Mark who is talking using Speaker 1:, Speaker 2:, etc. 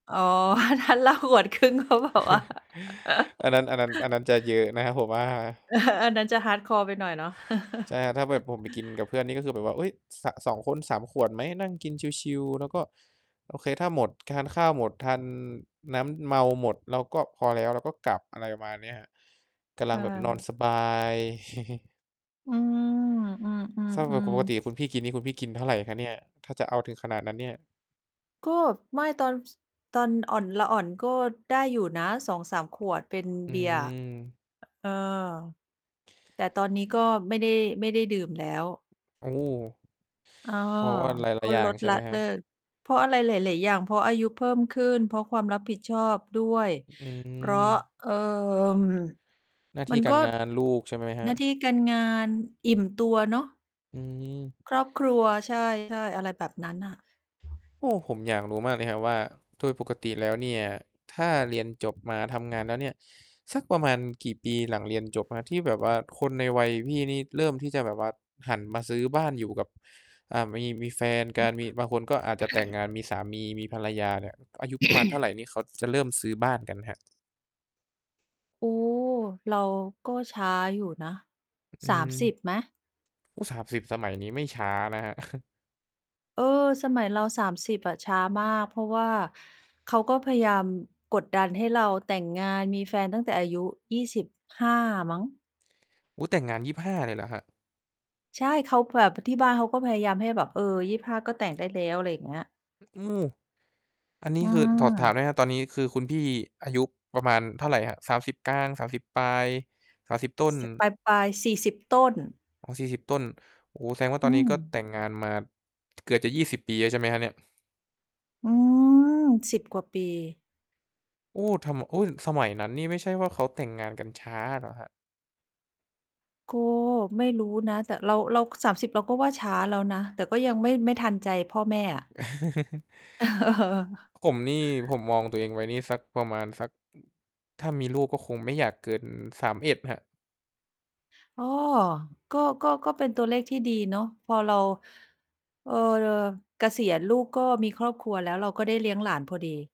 Speaker 1: อ๋อ ถ้าเหล้า 1 ขวดครึ่ง เขาบอกว่า
Speaker 2: อันนั้น อันนั้น อันนั้นจะเยอะ นะ ผมว่า
Speaker 1: อันนั้นจะ hardcore ไปหน่อยเนาะ
Speaker 2: ใช่ ถ้าแบบผมไปกินกับเพื่อนนี่ ก็คือแบบว่า เอ๊ย สะ สอง คน 3 ขวดไหม? นั่งกินชิล ๆ แล้วก็ โอเค ถ้าหมด ทานข้าวหมดทานน้ำเมาหมดเราก็พอแล้ว เราก็กลับ อะไรประมาณเนี้ยครับ กำล
Speaker 1: เ
Speaker 2: ังแบบนอน
Speaker 1: ออ
Speaker 2: สบาย
Speaker 1: อืม อื
Speaker 2: เท่ากับป
Speaker 1: อ
Speaker 2: ก
Speaker 1: ๆ
Speaker 2: ต
Speaker 1: ๆ
Speaker 2: ิคุณพี่กินนี่ คุณพี่กินเท่าไรครับเนี่ย? ถ้าจะเอาถึงขนาดนั้นเนี่ย
Speaker 1: ก็ไม่ตอน ส ตอนอ่อน ละอ่อน ก็ได้อยู่นะ 2-3 ขวดเป็น
Speaker 2: อื
Speaker 1: เบียร์
Speaker 2: ม
Speaker 1: เออ แต่ตอนนี้ก็ไม่ได้ ไม่ได้ดื่มแล้ว
Speaker 2: โอ้
Speaker 1: เออ
Speaker 2: เพราะ ว่าหล
Speaker 1: ก
Speaker 2: าย
Speaker 1: ็
Speaker 2: ๆ อย่า
Speaker 1: ล
Speaker 2: ง
Speaker 1: ด
Speaker 2: ใช่
Speaker 1: ล
Speaker 2: ไ
Speaker 1: ะ
Speaker 2: หมค
Speaker 1: เ
Speaker 2: ร
Speaker 1: ล
Speaker 2: ั
Speaker 1: ิ
Speaker 2: บ
Speaker 1: ก เพราะอะไรหลาย ๆ อย่าง เพราะอายุเพิ่มขึ้น เพราะความรับผิดชอบด้วย
Speaker 2: อ อื
Speaker 1: เพราะ
Speaker 2: ม
Speaker 1: เอ่อ
Speaker 2: หน้าท
Speaker 1: มั
Speaker 2: ี่
Speaker 1: น
Speaker 2: กา
Speaker 1: ก
Speaker 2: ร
Speaker 1: ็
Speaker 2: งาน ลูก ใช่ไหมคร
Speaker 1: หน
Speaker 2: ั
Speaker 1: ้า
Speaker 2: บ?
Speaker 1: ที่การงานอิ่มตัวเนาะ
Speaker 2: อืม
Speaker 1: ครอบครัว ใช่ ใช่ อะไรแบบนั้นอะ
Speaker 2: โอ้ ผมอยากรู้มากเลยครับว่าโดยปกติแล้วเนี่ย ถ้าเรียนจบมาทำงานแล้วเนี่ย สักประมาณกี่ปีหลังเรียนจบครับ? ที่แบบว่าคนในวัยพี่นี่เริ่มที่จะแบบว่าหันมาซื้อบ้านอยู่กับ อ่า มี มีแฟนก
Speaker 1: อื
Speaker 2: ัน
Speaker 1: อ
Speaker 2: มีบางคนก็อาจจะแต่งงาน มีสามี มีภรรยาเนี่ย อายุประมาณเท่าไรนี่ เขาจะเริ่มซื้อบ้านกันครับ?
Speaker 1: โอ้ เราก็ช้าอยู่นะ
Speaker 2: อื
Speaker 1: สามสิ
Speaker 2: ม
Speaker 1: บ ไหม?
Speaker 2: อุ๊ย 30 สมัยนี้ไม่ช้านะครับ
Speaker 1: เออ สมัยเรา 30 อะช้ามาก เพราะว่าเขาก็พยายามกดดันให้เราแต่งงาน มีแฟนตั้งแต่อายุ 25 มั้ง
Speaker 2: อุ๊ย! แต่งงาน 25 เลยเหรอครับ?
Speaker 1: ใช่ เขาแบบ ที่บ้านเขาก็พยายามให้แบบ เออ 25 ก็แต่งได้แล้ว อะไรอย่างเงี้ย
Speaker 2: โอ้! อันนี
Speaker 1: อื
Speaker 2: ้คือถอด ถาม
Speaker 1: อ
Speaker 2: หน่อยครับ ตอนนี้คือคุณพี่อายุประมาณเท่าไรครับ? 30 กลาง 30 ปลาย 30 ต้น
Speaker 1: จ ปลาย ๆ 40 ต้น
Speaker 2: อ๋อ 40 ต้น โอ้โฮ แสดงว่าต
Speaker 1: อื
Speaker 2: อนนี้ก็
Speaker 1: ม
Speaker 2: แต่งงานมา เกือบจะ 20 ปีแล้วใช่ไหมครับเนี่ย?
Speaker 1: อืม 10 กว่าปี
Speaker 2: โอ้! ทำ อุ๊ย สมัยนั้นนี่ ไม่ใช่ว่าเขาแต่งงานกันช้าเหรอครับ?
Speaker 1: ก็ไม่รู้นะ แต่เรา เรา 30 เราก็ว่าช้าแล้วนะ แต่ก็ยังไม่ ไม่ทันใจพ่อแม่อะ
Speaker 2: ผมนี่ ผมมองตัวเองไว้นี่ สักประมาณ สัก อ ถ้ามีลูกก็คงไม่อยากเกิน 31 ครับ
Speaker 1: อ๋อ ก็ ก็ ก็เป็นตัวเลขที่ดีเนาะ พอเรา เอ่อ เกษียณ ลูกก็มีครอบครัวแล้ว เราก็ได้เลี้ยงหลานพอดี